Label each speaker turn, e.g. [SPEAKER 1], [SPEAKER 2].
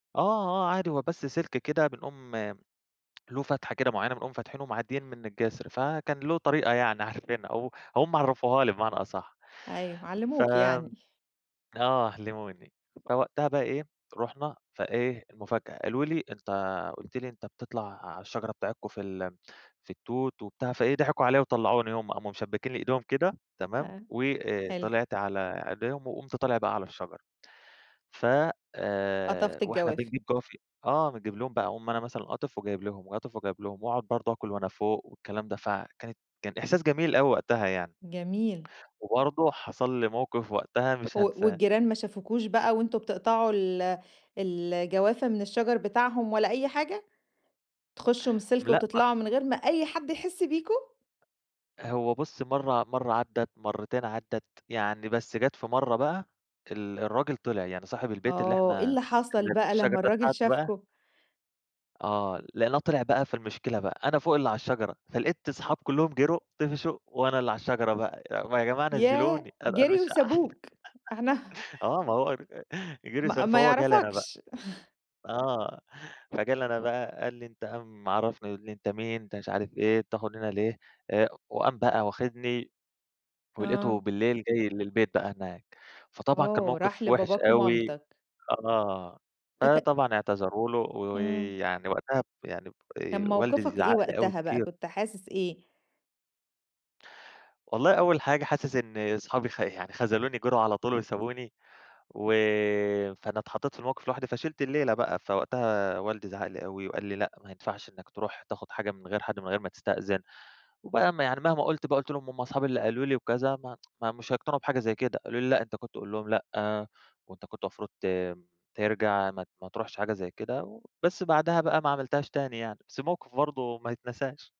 [SPEAKER 1] آه، آه، عادي هو بس سلك كده بنقوم له فتحة كده معينة بنقوم فاتحينه ومعديين من الجسر. فكان له طريقة يعني عارفينها و وهُم عرّفوّها لي بمعنى أصح،
[SPEAKER 2] أيوه، علّموك يعني.
[SPEAKER 1] فآه، علموني. فوقتها بقى إيه، رُحنا فإيه، المفاجأة قالوا لي: "أنت قُلت لي أنت بتطلع على الشجرة بتاعتكم في ال في التوت وبتاع." فإيه ضحكوا عليّا وطلعوني، هُم قاموا مشبكين لي إيدهم كده، تمام،
[SPEAKER 2] آه،
[SPEAKER 1] وآآ،
[SPEAKER 2] حلو.
[SPEAKER 1] طلعت على أيديهم وقمت طالع بقى على الشجرة، فآآ،
[SPEAKER 2] قطفت
[SPEAKER 1] وإحنا
[SPEAKER 2] الجوافة.
[SPEAKER 1] بنجيب جوافة آه، بنجيب لهم بقى، أقوم أنا مثلًا قاطف وجايب لهم، قاطف وجايب لهم، وأقعد برضه أكل وأنا فوق والكلام ده، فكانت كان إحساس جميل أوي وقتها يعني.
[SPEAKER 2] جميل.
[SPEAKER 1] وبرضه حصل لي موقف وقتها مش
[SPEAKER 2] و
[SPEAKER 1] هانساه.
[SPEAKER 2] والجيران ما شافكوش بقى وأنتم بتقطعوا ال ال الجوافة من الشجر بتاعهم ولا أي حاجة؟ تخشوا من
[SPEAKER 1] م
[SPEAKER 2] السلك
[SPEAKER 1] لأ، م
[SPEAKER 2] وتطلعوا، من غير ما أي حد يحس بيكم؟
[SPEAKER 1] هو بُصي، مرة مرة عدت، مرتين عدت، يعني بس جات في مرة بقى ال الراجل طلع، يعني صاحب البيت اللي
[SPEAKER 2] آه، إيه
[SPEAKER 1] إحنا
[SPEAKER 2] اللي حصل
[SPEAKER 1] اللي
[SPEAKER 2] بقى
[SPEAKER 1] شجرة
[SPEAKER 2] لمّا
[SPEAKER 1] دي
[SPEAKER 2] الراجل
[SPEAKER 1] بتاعته بقى
[SPEAKER 2] شافكم؟
[SPEAKER 1] آه، لقيناه طلع بقى، فالمشكلة بقى أنا فوق اللي على الشجرة، فلقيت صحابي كلهم جروا، طفشوا، وأنا اللي على الشجرة بقى. ي ما يا جماعة نزلوني،
[SPEAKER 2] ياه!
[SPEAKER 1] أنا أنا
[SPEAKER 2] جروا
[SPEAKER 1] مش
[SPEAKER 2] وسابوك إحنا
[SPEAKER 1] آه، ما هو
[SPEAKER 2] ما
[SPEAKER 1] [unintelligible]
[SPEAKER 2] ما
[SPEAKER 1] فهو جه لي أنا بقى.
[SPEAKER 2] يعرفكش.
[SPEAKER 1] آه، فجه لي أنا بقى قال لي: "أنت" قام عرفني، يقول لي: "أنت مين؟ أنت مش عارف إيه، بتاخد من هنا ليه؟" آآ، وقام بقى واخدني
[SPEAKER 2] آه.
[SPEAKER 1] ولقيته بالليل جاي للبيت بقى هناك. فطبعًا كان
[SPEAKER 2] آه، راح
[SPEAKER 1] موقف وحش
[SPEAKER 2] لباباك
[SPEAKER 1] أوي،
[SPEAKER 2] ومامتك.
[SPEAKER 1] آه،
[SPEAKER 2] تك
[SPEAKER 1] فطبعًا اعتذروا له
[SPEAKER 2] إمم.
[SPEAKER 1] ويعني وقتها يعني
[SPEAKER 2] كان
[SPEAKER 1] آآ، والدي
[SPEAKER 2] موقفك إيه
[SPEAKER 1] زعق لي أوي
[SPEAKER 2] وقتها بقى؟
[SPEAKER 1] كتير.
[SPEAKER 2] كنت حاسس إيه؟
[SPEAKER 1] والله أول حاجة حاسس إن صحابي خ يعني خذلوني، جروا على طول وسابوني، وفأنا اتحطيت في الموقف لوحدي، فشلِت الليلة بقى. فوقتها والدي زعق لي أوي وقال لي:" لأ، ما ينفعش إنك تروح تاخد حاجة من غير حد من غير ما تستأذن." وبقى يعني مهما قُلت بقى، قُلت لهم: "هُم صحابي اللي قالوا لي وكذا." ما ما مش هيقتنعوا بحاجة زي كده. قالوا لي: "لأ، أنت كنت تقول لهم لأ، وأنت كنت مفروض ت ترجع، ما ما ترُحش حاجة زي كده." وبس بعدها بقى ما عملتهاش تاني يعني، بس الموقف برضه ما يتناسش.